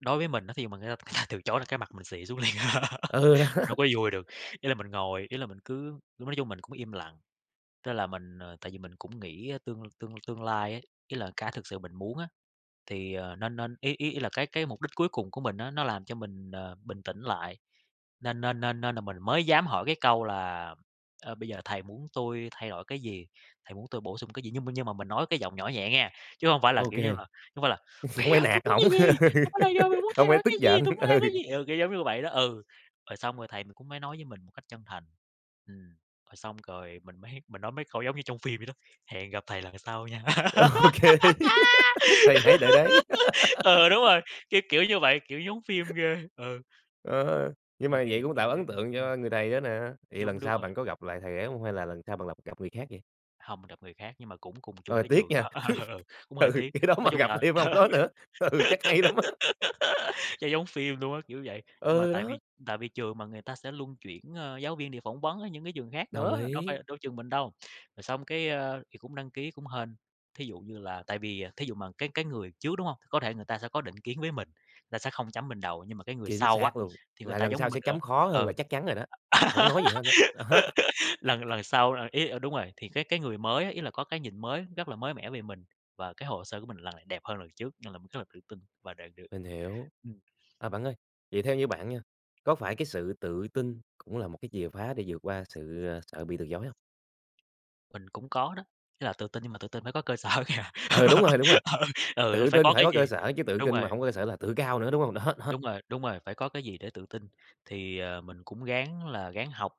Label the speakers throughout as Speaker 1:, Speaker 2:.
Speaker 1: Đối với mình á thì mình nghĩ là ta từ chối là cái mặt mình xị xuống liền à,
Speaker 2: Ừ, đó.
Speaker 1: đâu có vui được. Ý là mình ngồi, ý là mình cứ lúc nói chung mình cũng im lặng, tức là mình, ờ tại vì mình cũng nghĩ á tương tương tương lai á, ý là cái thực sự mình muốn á thì, ờ, nên nên ý ý ý là cái cái mục đích cuối cùng của mình á nó làm cho mình, ờ, bình tĩnh lại, nên nên nên nên là mình mới dám hỏi cái câu là, ờ, "Bây giờ thầy muốn tui thay đổi cái gì? Thầy muốn tui bổ sung cái gì?" Nhưng mà nhưng mà mình nói cái giọng nhỏ nhẹ nghe, chứ hông phải là,
Speaker 2: Ô
Speaker 1: kiểu như
Speaker 2: kê.
Speaker 1: là, không phải là: "Bây
Speaker 2: Hông
Speaker 1: giờ
Speaker 2: phải
Speaker 1: thầy
Speaker 2: nạt
Speaker 1: muốn cái
Speaker 2: ổng,
Speaker 1: gì? Hoặc bây là giờ mày muốn
Speaker 2: hổng
Speaker 1: thay
Speaker 2: phải
Speaker 1: đổi
Speaker 2: tức
Speaker 1: cái gì,
Speaker 2: giận,
Speaker 1: tui muốn
Speaker 2: ừ.
Speaker 1: làm cái gì?" Ừ, kiểu giống như vậy đó. Ừ, rồi xong rồi thầy cũng mới nói với mình một cách chân thành. Ừm, rồi xong rồi mình mới mình nói mấy câu giống như trong phim vậy đó: "Hẹn gặp thầy lần sau nha!"
Speaker 2: Ô kê, thầy hãy đợi đấy!
Speaker 1: Ừ, đúng rồi, cái kiểu như vậy, kiểu giống phim ghê, ừ.
Speaker 2: Ờ,
Speaker 1: Nhưng
Speaker 2: nhưng
Speaker 1: mà
Speaker 2: mà
Speaker 1: kỷ
Speaker 2: vậy
Speaker 1: niệm
Speaker 2: cũng
Speaker 1: rất
Speaker 2: tạo
Speaker 1: giá
Speaker 2: ấn
Speaker 1: [unintelligible]
Speaker 2: tượng
Speaker 1: ừm.
Speaker 2: cho người thầy đó nè, vậy
Speaker 1: Đúng,
Speaker 2: lần
Speaker 1: đúng
Speaker 2: sau
Speaker 1: rồi.
Speaker 2: bạn có gặp lại thầy ấy hông? Hay là lần sau bạn lặp gặp người khác vậy?
Speaker 1: Hông gặp người khác nhưng mà cũng cùng chung
Speaker 2: Rồi,
Speaker 1: cái
Speaker 2: tiếc
Speaker 1: trường
Speaker 2: nha!
Speaker 1: đó, cũng hơi
Speaker 2: Ừ,
Speaker 1: tiếc.
Speaker 2: cái đó
Speaker 1: Nói
Speaker 2: mà
Speaker 1: chung
Speaker 2: gặp
Speaker 1: là
Speaker 2: thêm
Speaker 1: ừ,
Speaker 2: ông đó nữa, ừ, chắc hay lắm á!
Speaker 1: cho giống phim luôn á, kiểu vậy. Mà
Speaker 2: Ừ,
Speaker 1: tại
Speaker 2: đó.
Speaker 1: vì tại vì trường mà người ta sẽ luân chuyển, ơ, giáo viên để phỏng vấn ở những cái trường khác
Speaker 2: Đồng
Speaker 1: nữa, đâu
Speaker 2: ý.
Speaker 1: phải đâu trường mình đâu. Rồi xong cái, ơ thì cũng đăng ký cũng hên, thí dụ như là tại vì, à thí dụ mà cái cái người trước, đúng hông? Có thể người ta sẽ có định kiến với mình, người ta sẽ không chấm mình đậu, nhưng mà cái người
Speaker 2: Chính
Speaker 1: sau á,
Speaker 2: xác luôn!
Speaker 1: thì người
Speaker 2: Là
Speaker 1: ta
Speaker 2: lần
Speaker 1: giống
Speaker 2: sau
Speaker 1: mình,
Speaker 2: sẽ chấm khó
Speaker 1: ờ
Speaker 2: hơn là
Speaker 1: ừ.
Speaker 2: chắc chắn rồi đó, hổng có nói gì hết á, đó.
Speaker 1: Lần lần sau, ờ, ý ờ, đúng rồi, thì cái cái người mới á, ý là có cái nhìn mới, rất là mới mẻ về mình, và cái hồ sơ của mình lần này đẹp hơn lần trước, nên là mình rất là tự tin và đạt được.
Speaker 2: Mình hiểu.
Speaker 1: Ừm.
Speaker 2: À, bạn ơi, vậy theo như bạn nha, có phải cái sự tự tin cũng là một cái chìa khoá để vượt qua sự, ờ, sợ bị từ chối không?
Speaker 1: Mình cũng có đó, ý là tự tin nhưng mà tự tin phải có cơ sở kìa.
Speaker 2: Ừ, đúng rồi, đúng rồi.
Speaker 1: Ừ, ừ, nó
Speaker 2: Tự
Speaker 1: phải
Speaker 2: tin
Speaker 1: có
Speaker 2: phải
Speaker 1: cái
Speaker 2: có cơ
Speaker 1: gì
Speaker 2: sở chứ tự
Speaker 1: đúng
Speaker 2: kinh
Speaker 1: rồi.
Speaker 2: mà hổng có cơ sở là tự cao nữa, đúng hông? Đó, đó.
Speaker 1: Đúng rồi, đúng rồi, phải có cái gì để tự tin. Thì, ờ, mình cũng ráng là ráng học,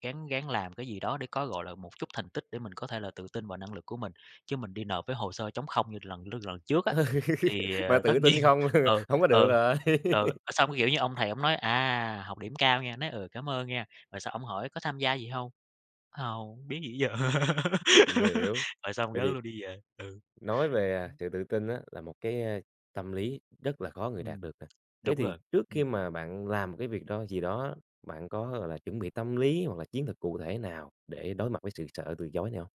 Speaker 1: ráng ráng làm cái gì đó để có, gọi là, một chút thành tích để mình có thể là tự tin vào năng lực của mình, chứ mình đi nộp với hồ sơ trống không như lần lư lần trước á,
Speaker 2: Ừ,
Speaker 1: thì,
Speaker 2: mà
Speaker 1: ờ, tất
Speaker 2: tự
Speaker 1: nhiên
Speaker 2: tin không,
Speaker 1: ừ,
Speaker 2: hông có được
Speaker 1: ừ, ừ.
Speaker 2: rồi.
Speaker 1: Ờ, xong, kiểu như, ông thầy ổng nói: "À, học điểm cao nghe!" Nói: "Ừ, cảm ơn nghe!" Rồi xong ổng hỏi: "Có tham gia gì hông?". Hông, biết gì giờ.
Speaker 2: Mình hiểu.
Speaker 1: Rồi xong
Speaker 2: Vậy
Speaker 1: rớt
Speaker 2: thì
Speaker 1: luôn, đi về, ừ.
Speaker 2: Nói về, à,
Speaker 1: Ừm.
Speaker 2: sự tự tin á, là một cái, a, tâm lý rất là khó người đạt
Speaker 1: Ừm,
Speaker 2: được nè. Thế
Speaker 1: đúng
Speaker 2: thì
Speaker 1: rồi,
Speaker 2: trước khi
Speaker 1: ừm.
Speaker 2: mà bạn làm một cái việc đó gì đó á, bạn có, gọi là, chuẩn bị tâm lý hoặc là chiến thuật cụ thể nào để đối mặt với sự sợ từ chối này hông?